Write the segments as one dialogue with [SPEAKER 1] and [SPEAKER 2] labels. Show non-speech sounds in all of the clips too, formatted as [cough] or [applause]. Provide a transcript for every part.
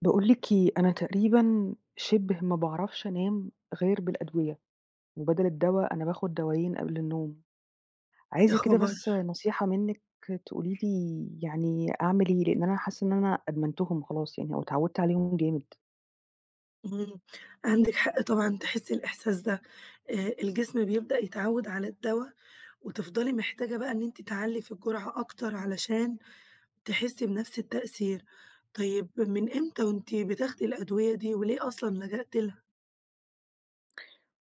[SPEAKER 1] باقول لِك إيه أنا تقريبًا شِبه ما باعرفش أنام غير بالأدوية، وبدل الدوا أنا باخد دوايين قبل النوم.
[SPEAKER 2] يا
[SPEAKER 1] عايزة كده
[SPEAKER 2] خبر!
[SPEAKER 1] بس نصيحة منِك، تقولي لي يعني أعمل إيه؟ لإن أنا حاسة إن أنا أدمنتهم خلاص يعني أو اتعودت عليهم جامد.
[SPEAKER 2] إمم، عندِك حق طبعًا تحسي الإحساس ده. آآ، الجسم بيبدأ يتعود على الدوا، وتفضلي محتاجة بقى إن أنتِ تعلّي في الجرعة أكتر علشان تحسي بنفْس التأثير. طيب من إمتى وأنتِ بتاخدي الأدوية؟ دي وليه أصلًا لجأتِ لها؟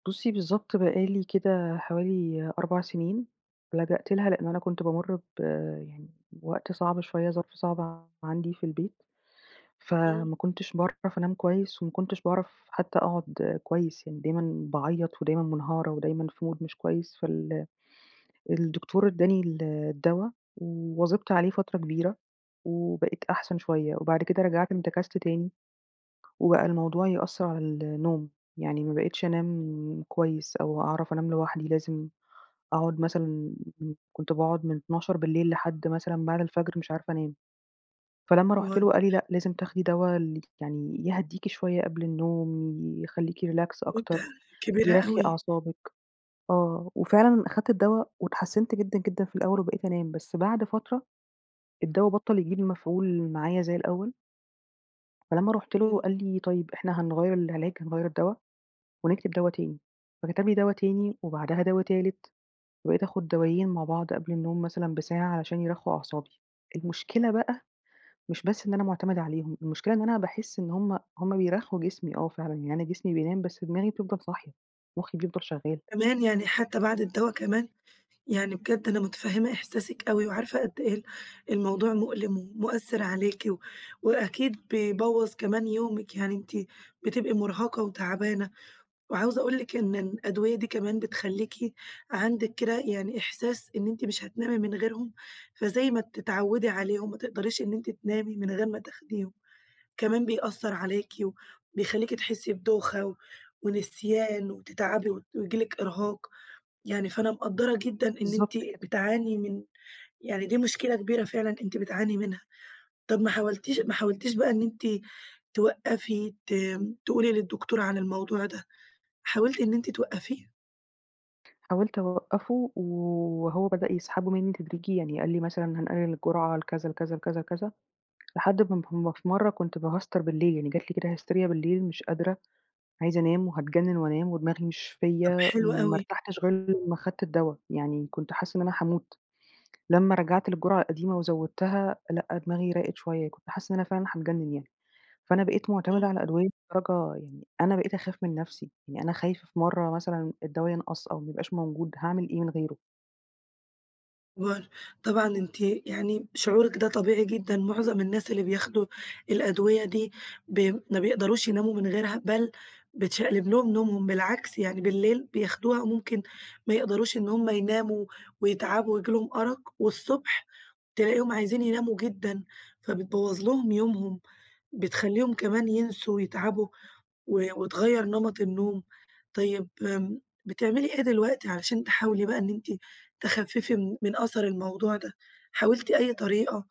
[SPEAKER 1] بصي بالضبط بقى لي كده حوالي 4 سنين، لجأت لها لإن أنا كنت بامر ب يعني بوقت صعب شوية، ظرف صعب عندي في البيت،
[SPEAKER 2] إمم.
[SPEAKER 1] فما كنتش باعرف أنام كويس وما كنتش باعرف حتى أقعد كويس يعني، دايمًا باعيط ودايمًا منهارة ودايمًا في mood مش كويس، فال الدكتور إدّاني ال الدوا، واظبت عليه فترة كبيرة، وبقيت أحسن شوية. وبعد كده رجعت انتكست تاني، وبقى الموضوع يأثّر على ال النوم، يعني ما بقيتش أنام كويس أو أعرف أنام لوحدي، لازم أقعد مثلًا كنت باقعد من 12:00 بالليل لحد مثلًا بعد الفجر مش عارفة أنام. فلمّا رحت
[SPEAKER 2] حوار
[SPEAKER 1] له قال لي: "لأ، لازم تاخدي دوا ال آآ، يعني يهديكِ شوية قبل النوم، يخليكِ Relax أكتر،
[SPEAKER 2] مدة كبيرة
[SPEAKER 1] يرخّي
[SPEAKER 2] أوي.
[SPEAKER 1] أعصابِك". آه، وفعلًا أخدت الدوا واتحسنت جدًا، جدًا في الأول وبقيت أنام، بس بعد فترة الدوا بطَّل يجيب مفعول معايا زي الأول. فلمّا رُحت له،
[SPEAKER 2] امم.
[SPEAKER 1] قال لي: "طيب، إحنا هنغيَّر العلاج، هنغيَّر الدوا ونكتب دوا تاني." فكتب لي دوا تاني،
[SPEAKER 2] [unintelligible]
[SPEAKER 1] وبعدها دوا تالت، وبقيت آخُد دوائين مع بعض قبل النوم مثلًا بساعة، عشان يرخُّوا أعصابي. المشكلة بقى، مش بس إن أنا معتمدة عليهم، المشكلة إن أنا باحس إن هم هم بيرخّوا جسمي آه فعلًا يعني، أنا جسمي بينام بس دماغي بتفضَل صاحية، مخي بيفضل شغّال.
[SPEAKER 2] كمان! يعني حتى بعد الدوا كمان! يعني بجد أنا متفهِّمة إحساسِك أوي وعارفة قد إيه ال الموضوع مؤلِم ومؤثِّر عليكِ، و وأكيد بيبوَّظ كمان يومِك، يعني أنتِ، بتبقي مُرهَقة وتعبانة. وعاوزة أقول لِك إن إن الأدوية دي كمان بتخلّيكِ، عندِك كده يعني إحساس، إن أنتِ مش هتنامي من غيرهم، فزي ما بتتعوِّدي عليهم، ما تقدريش إن أنتِ تنامي من غير ما تاخديهم، كمان بيأثَّر عليكِ و وبيخليكِ تحسّي بدوخة و ونسيان وتتعبي و وييجي لِك إرهاق، يعني فأنا مقدَّرة جدًا إن أنتِ
[SPEAKER 1] بالضبط كده.
[SPEAKER 2] بتعاني من يعني دي مشكلة كبيرة فعلًا أنتِ بتعاني منها. طب ما حاولتيش ما حاولتيش بقى إن أنتِ، توقَّفي ت تقولي للدكتور عن الموضوع ده، حاولتِ إن أنتِ توقَّفيه؟
[SPEAKER 1] حاولت أوقفه و وهو بدأ يسحبه مني تدريجيًا يعني، قال لي مثلًا: "هنقلل الجرعة لكذا لكذا لكذا لكذا." لحد ما ما في مرة كنت باهستر بالليل يعني جات لي كده هستيريا بالليل، مش قادرة، عايزة أنام وهاتجنن وأنام ودماغي مش
[SPEAKER 2] طب
[SPEAKER 1] فيَّ،
[SPEAKER 2] حلو
[SPEAKER 1] ما
[SPEAKER 2] أوي.
[SPEAKER 1] ارتحتش غير لما أخدت الدوا، يعني كنت حاسة إن أنا هاموت، لما رجعت للجرعة القديمة وزوّدتها لأ، دماغي راقت شوية، كنت حاسة إن أنا فعلًا هاتجنن يعني. فأنا بقيت معتمدة
[SPEAKER 2] امم.
[SPEAKER 1] على أدوية لدرجة يعني أنا بقيت أخاف من نفسي، يعني أنا خايفة في مرة مثلًا الدوا ينقص أو ما يبقاش موجود هاعمل إيه من غيره؟
[SPEAKER 2] [unintelligible] طبعًا أنتِ يعني شعورِك ده طبيعي جدًا، معظم الناس اللي بياخدوا الأدوية دي ب ما بيقدروش يناموا من غيرها، بل بتشقلب لهم نومهم بالعكس يعني، بالليل بياخدوها ممكن ما يقدروش إن هُم يناموا ويتعبوا وييجي لهم أرق، والصبح تلاقيهم عايزين يناموا جدًا، فبتبوّظ لهم يومهم، بتخليهم كمان ينسوا ويتعبوا و وتغيّر نمط النوم. طيب بـم بتعملي إيه دلوقتي عشان تحاولي بقى إن أنتِ تخففي من من أثر الموضوع ده؟ حاولتِ أي طريقة،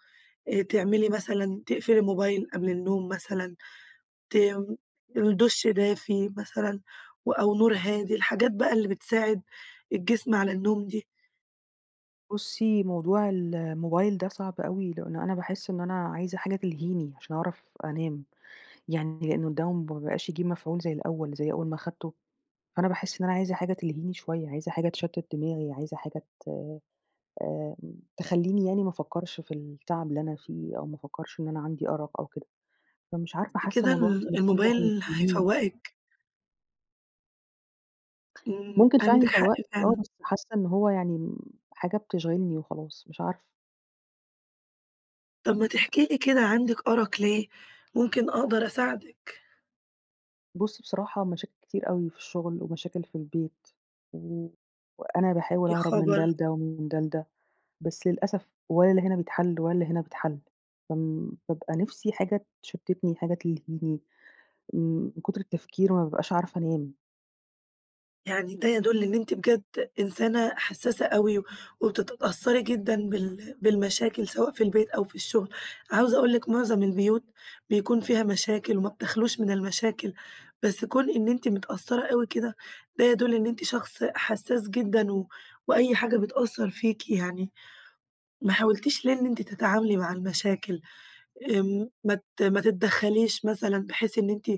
[SPEAKER 2] تعملي مثلًا، تقفّلي الموبايل قبل النوم مثلًا؟ ت دُش دافي مثلًا أو نور هادي؟ الحاجات بقى اللي بتساعد الجسم على النوم دي.
[SPEAKER 1] بصي موضوع الموبايل ده صعب أوي، لأنه أنا باحس إن أنا عايزة حاجة تلهيني عشان أعرف أنام، يعني لأنه الدوا م ما بقاش يجيب مفعول زي الأول، زي أول ما خدته، فأنا باحس إن أنا عايزة حاجة تلهيني شوية، عايزة حاجة تشتت دماغي، عايزة حاجة ت آآ، تخليني يعني ما أفكرش في التعب اللي أنا فيه، أو ما أفكرش إن أنا عندي أرق أو كده، فمش عارفة
[SPEAKER 2] بس
[SPEAKER 1] حاسة
[SPEAKER 2] كده
[SPEAKER 1] موضوع
[SPEAKER 2] ال
[SPEAKER 1] التليفون ده
[SPEAKER 2] الموبايل
[SPEAKER 1] هيلهيني
[SPEAKER 2] هيفوّقِك. إمم،
[SPEAKER 1] ممكن
[SPEAKER 2] عندِك
[SPEAKER 1] فعلًا
[SPEAKER 2] حق
[SPEAKER 1] يفوَّقني آه،
[SPEAKER 2] فعلًا.
[SPEAKER 1] بس حاسّة إن هو يعني م حاجة بتشغلني وخلاص، مش عارفة.
[SPEAKER 2] طب ما تحكي لي كده، عندِك أرق ليه، ممكن أقدر أساعدِك.
[SPEAKER 1] بصي بصراحة، مشاكل كتير أوي في الشغل، ومشاكل في البيت، و وأنا باحاول
[SPEAKER 2] يا
[SPEAKER 1] اهرب من ده
[SPEAKER 2] خبر!
[SPEAKER 1] لده، و من ده لده، بس للأسف ولا اللي هنا بيتحل، ولا اللي هنا بيتحل فم بابقى نفسي حاجة تشتتني، حاجة تلهيني، من كتر التفكير ما بابقاش عارفة أنام.
[SPEAKER 2] يعني ده يدل إن أنتِ بجد إنسانة حسَّاسة أوي، وبتتأثري جدًا بال بالمشاكل سواء في البيت، أو في الشغل، عاوزة أقول لِك معظم البيوت بيكون فيها مشاكل، وما بتخلاش من المشاكل، بس كون إن أنتِ متأثرة أوي كده، ده يدل إن أنتِ شخص حسَّاس جدًا و وأي حاجة بتأثر فيكِ يعني، ما حاولتيش ليه إن أنتِ تتعاملي مع المشاكل، آمم ما ت ما تتدخليش مثلًا، بحيث إن أنتِ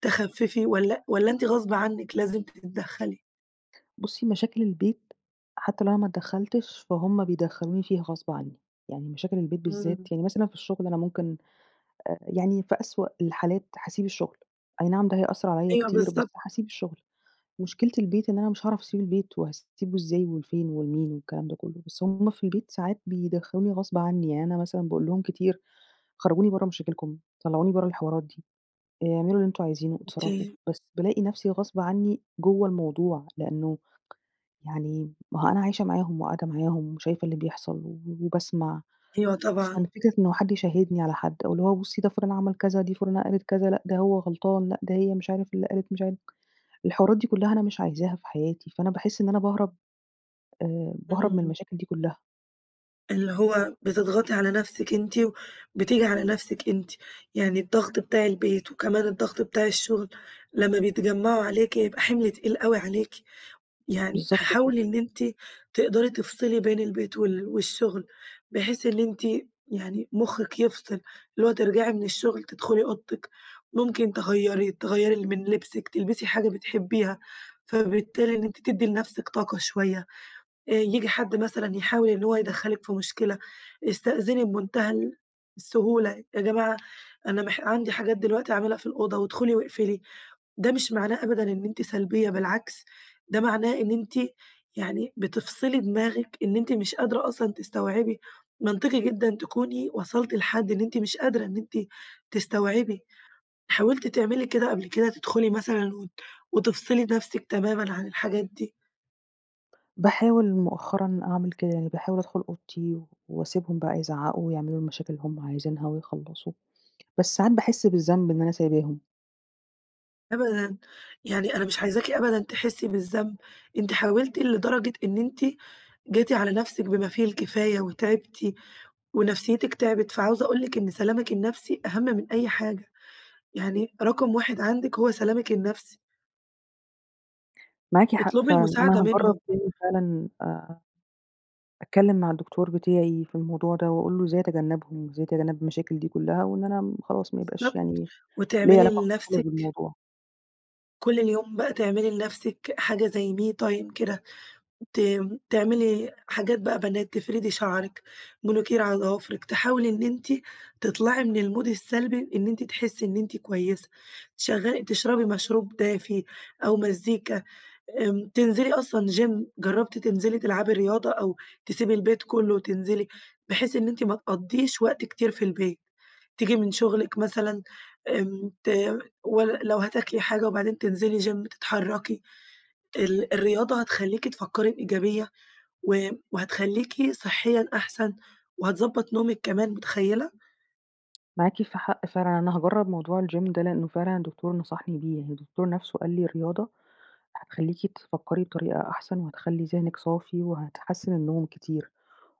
[SPEAKER 2] تخفِّفي والَّا والَّا أنتِ غصب عنِك لازم تتدخلي؟
[SPEAKER 1] بُصّي مشاكل البيت، حتّى لو أنا ما ادخلتش، فهمَّ بيدخلوني فيها غصب عنّي، يعني مشاكل البيت بالذات،
[SPEAKER 2] إمم.
[SPEAKER 1] يعني مثلًا في الشغل أنا ممكن يعني في أسوأ الحالات هاسيب الشغل، أي نعم ده هي هيأثر عليَّ
[SPEAKER 2] أيوه
[SPEAKER 1] كتير،
[SPEAKER 2] بالضبط.
[SPEAKER 1] بس هاسيب الشغل، مشكلة البيت إن أنا مش هاعرف أسيب البيت، وهاسيبه إزاي وفين ولمين؟ والكلام ده كلّه، بس هُم في البيت ساعات بيدخلوني غصب عنّي، يعني أنا مثلًا باقول لهم كتير، خرجوني برّه مشاكلكم، طلعوني برّه الحوارات دي، اعملوا اللي أنتم عايزينه، اتصرفوا.
[SPEAKER 2] [unintelligible]
[SPEAKER 1] بس بالاقي نفسي غصب عنّي جوّه الموضوع، لأنّه يعني مأهو أنا عايشة معاهم وقاعدة معاهم وشايفة اللي بيحصل وباسمع.
[SPEAKER 2] أيوه طبعًا.
[SPEAKER 1] ففكرة إن حد يشهدني على حد، أو اللي هو بُصّي ده فلان عمل كذا، دي فلانة قالت كذا، لأ ده هو غلطان، لأ ده هي مش عارف اللي قالت مش عارف. الحوارات دي كلّها أنا مش عايزاها في حياتي، فأنا باحس إن أنا باهرب، آآ، باهرب من
[SPEAKER 2] امم.
[SPEAKER 1] المشاكل دي كلّها.
[SPEAKER 2] اللي هو بتضغطي على نفسِك أنتِ، وبتيجي على نفسِك أنتِ، يعني الضغط بتاع البيت وكمان الضغط بتاع الشغل، لمّا بيتجمعوا عليكِ يبقى حمل تقيل أوي عليكِ، يعني
[SPEAKER 1] بالضبط
[SPEAKER 2] حاولي
[SPEAKER 1] كده.
[SPEAKER 2] إن أنتِ تقدري تفصلي بين البيت وال والشغل، بحيث إن أنتِ يعني مخِّك يفصل، اللي هو ترجعي من الشغل تدخلي أوضتِك، ممكن تغيري تغيري من لبسِك، تلبسي حاجة بتحبيها، فبالتالي إن أنتِ تدّي لنفسك طاقة شويّة، آآ، ييجي حد مثلًا يحاول إنّ هو يدخلِك في مشكلة، استأذني بمنتهى السهولة، يا جماعة أنا مح عندي حاجات دلوقتي أعملها في الأوضة، وادخلي واقفلي. ده مش معناه أبدًا إن أنتِ سلبيّة بالعكس، ده معناه إن أنتِ يعني بتفصلي دماغِك، إن أنتِ مش قادرة أصلًا تستوعبي، منطقي جدًا تكوني وصلتِ لحد إن أنتِ مش قادرة إن أنتِ تستوعبي، حاولتِ تعملي كده قبل كده، تدخلي مثلًا وت تفصلي نفسِك تمامًا عن الحاجات دي؟
[SPEAKER 1] باحاول مؤخرًا أعمل كده، يعني باحاول أدخل أوضتي، واسيبهم بقى يزعقوا ويعملوا المشاكل اللي هم عايزينها ويخلَّصوا، بس ساعات باحس بالذنب إن أنا سايباهم.
[SPEAKER 2] أبدًا، يعني أنا مش عايزاكِ أبدًا تحسي بالذنب، أنتِ حاولتِ لدرجة إن أنتِ جيتِ على نفسِك بما فيه الكفاية، وتعبتِ ونفسيتِك تعبِت، فعاوزة أقول لِك إن سلامِك النفسي، أهم من أي حاجة، يعني رقم واحد عندِك هو سلامِك النفسي.
[SPEAKER 1] معاكِ حق
[SPEAKER 2] اطلبي
[SPEAKER 1] فعلًا،
[SPEAKER 2] المساعدة
[SPEAKER 1] أنا هاجرب
[SPEAKER 2] منهم.
[SPEAKER 1] تاني فعلًا، آآ، اتكلم مع الدكتور بتاعي في الموضوع ده، وأقول له إزاي اتجنبهم إزاي اتجنب المشاكل دي كلَّها، وإن أنا خلاص ما يبقاش
[SPEAKER 2] بالضبط،
[SPEAKER 1] يعني ليا
[SPEAKER 2] وتعملي
[SPEAKER 1] علاقة خالص
[SPEAKER 2] لنفسِك
[SPEAKER 1] بالموضوع.
[SPEAKER 2] كل اليوم بقى تعملي لنفسِك حاجة زي me time كده، ت تعملي حاجات بقى بنات، تفردي شعرك، مانيكير على ضوافرك، تحاولي إن أنتِ تطلعي من المود السلبي، بإن أنتِ تحسي إن أنتِ كويسة، شغّل تشربي مشروب دافي، أو مزيكا، آمم تنزلي أصلًا Gym جربتِ تنزلي تلعبي رياضة، أو تسيبي البيت كله وتنزلي، بحيث إن أنتِ ما تقضّيش وقت كتير في البيت، تيجي من شغلك مثلًا، آمم ت لو هتاكلي حاجة وبعدين تنزلي Gym تتحركي، ال الرياضة هتخليكِ تفكري بإيجابية و وهتخليكي صحيًا أحسن، وهتضبط نومِك كمان، متخيلة!
[SPEAKER 1] معاكِ ف حق فعلًا. أنا هاجرب موضوع الgym ده لأنّه فعلًا الدكتور نصحني بيه. الدكتور نفسه قال لي: "الرياضة هتخليكِ تفكّري بطريقة أحسن وهتخلّي ذهنِك صافي وهتحسّن النوم كتير".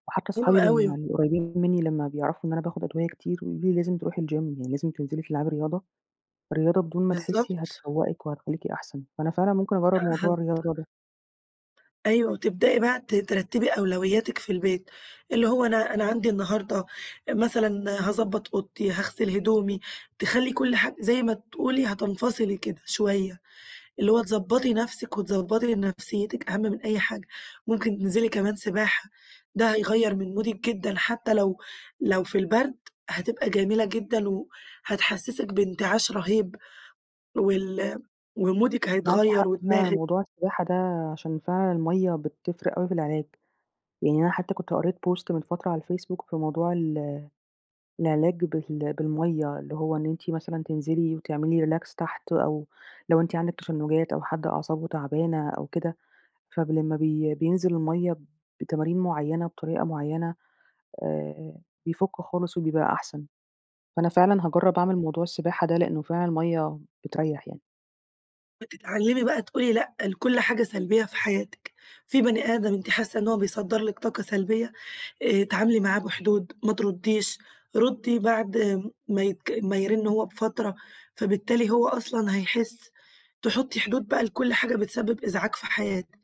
[SPEAKER 1] وحتّى
[SPEAKER 2] حلو
[SPEAKER 1] أصحابي ال
[SPEAKER 2] أوي.
[SPEAKER 1] القريبين مِنّي لمّا بيعرفوا إن أنا باخد أدوية كتير، ويقولوا لي: "لازم تروحي الgym يعني لازم تنزلي تلعبي رياضة". الرياضة بدون ما تحسّي
[SPEAKER 2] بالضبط.
[SPEAKER 1] هتفوقِك وهتخليكِ أحسن، فأنا فعلًا ممكن
[SPEAKER 2] آآ
[SPEAKER 1] أجرّب موضوع
[SPEAKER 2] هت
[SPEAKER 1] الرياضة ده.
[SPEAKER 2] أيوه وتبدأي بقى ت ترتبي أولوياتِك في البيت، اللي هو أنا أنا عندي النهارده مثلًا هاضبط أوضتي، هاغسل هدومي، تخلي كل حاجة زي ما تقولي هتنفصلي كده شويّة، اللي هو تضبطي نفسِك وتضبطي نفسيتِك أهم من أي حاجة. ممكن تنزلي كمان سباحة ده هيغير من مودِك جدًا، حتّى لو لو في البرد هتبقى جميلة جدًا و هتحسّسِك بانتعاش رهيب وال ومودِك
[SPEAKER 1] معاكِ
[SPEAKER 2] هيتغير
[SPEAKER 1] حق فعلًا،
[SPEAKER 2] ودماغِك.
[SPEAKER 1] موضوع السباحة ده عشان فعلًا المَيَّة بتفرق أوي في العلاج. يعني أنا حتّى كنت قريت post من فترة على الفيسبوك في موضوع ال العلاج بال بالميَّة اللي هو إن أنتِ مثلًا تنزلي وتعملي relax تحت، أو لو أنتِ عندِك تشنجات أو حد أعصابه تعبانة أو كده، فب لمّا بي بينزل الميَّة بتمارين معيّنة، بطريقة معيّنة، آآ بيفُكّ خالص وبيبقى أحسن. فأنا فعلًا
[SPEAKER 2] أ
[SPEAKER 1] هاجرّب أعمل موضوع السباحة ده لأنّه فعلًا الميَّة بتريح يعني.
[SPEAKER 2] بتتعلمي بقى تقولي لأ لكل حاجة سلبية في حياتك، في بني آدم أنتِ حاسّة إن هو بيصدر لِك طاقة سلبية، آآ، اتعاملي معاه بحدود، ما ترديش، ردي بعد ما يك ما يرن هو بفترة، فبالتالي هو أصلًا هيحس تحطي حدود بقى لكل حاجة بتسبب إزعاج في حياتِك،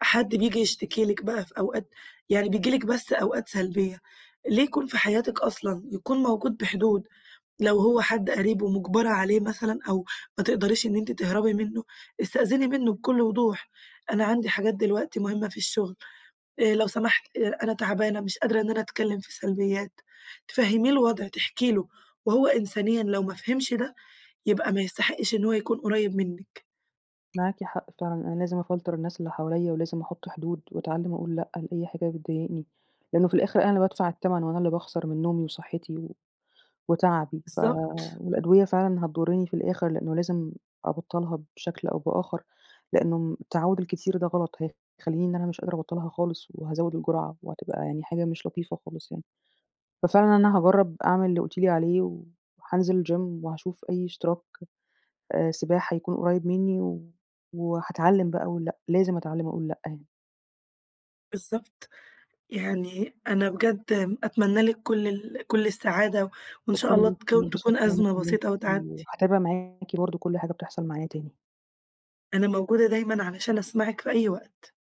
[SPEAKER 2] حد بييجي يشتكي لِك بقى في أوقات يعني بييجي لِك بس أوقات سلبية، ليه يكون في حياتِك أصلًا! يكون موجود بحدود، لو هو حد قريب ومجبرة عليه مثلًا أو ما تقدريش أنتِ تهربي منه، استأذني منه بكل وضوح أنا عندي حاجات دلوقتي مهمة في الشغل آآ، لو سمحت أنا تعبانة، مش قادرة إن أنا أتكلم في سلبيات، تفهمّيه الوضع تحكي له وهو إنسانيًا لو ما فهمش ده، يبقى ما يستحقش إن هو يكون قريب منِك.
[SPEAKER 1] معاكِ حق فعلًا أنا لازم أفلتر الناس اللي حواليَّ، ولازم أحط حدود وأتعلِّم أقول لأ لأي حاجة بتضايقني. لأنه في الآخر أنا اللي بادفع التمن وأنا اللي باخسر من نومي وصحتي و وتعبي ف
[SPEAKER 2] بالضبط.
[SPEAKER 1] والأدوية فعلًا هتضُرني في الآخر، لأنه لازم أبطّلها بشكل أو بآخر، لأنه التعوّد الكتير ده غلط هيخليني إن أنا مش قادرة أبطّلها خالص وهازوِد الجرعة، وهتبقى يعني حاجة مش لطيفة خالص يعني. ففعلًا أنا هاجرب أعمل اللي قلتِ لي عليه، و حانزل الGym وهاشوف أي اشتراك سباحة يكون قريب مني، و وحاتعلم بقى أقول لأ، لازم أتعلم أقول لأ يعني.
[SPEAKER 2] بالضبط، يعني أنا بجد أتمنى لِك كل ال كل السعادة، وإن شاء
[SPEAKER 1] شكرًا
[SPEAKER 2] الله
[SPEAKER 1] ليكِ،
[SPEAKER 2] تكو
[SPEAKER 1] وانبسطت
[SPEAKER 2] تكون
[SPEAKER 1] إن أنا
[SPEAKER 2] أزمة
[SPEAKER 1] كلِّمتِك
[SPEAKER 2] بسيطة وتعدي.
[SPEAKER 1] وحاتابع معاكِ برضه كل حاجة بتحصل معايا تاني.
[SPEAKER 2] أنا موجودة دايمًا علشان أسمعِك في أي وقت.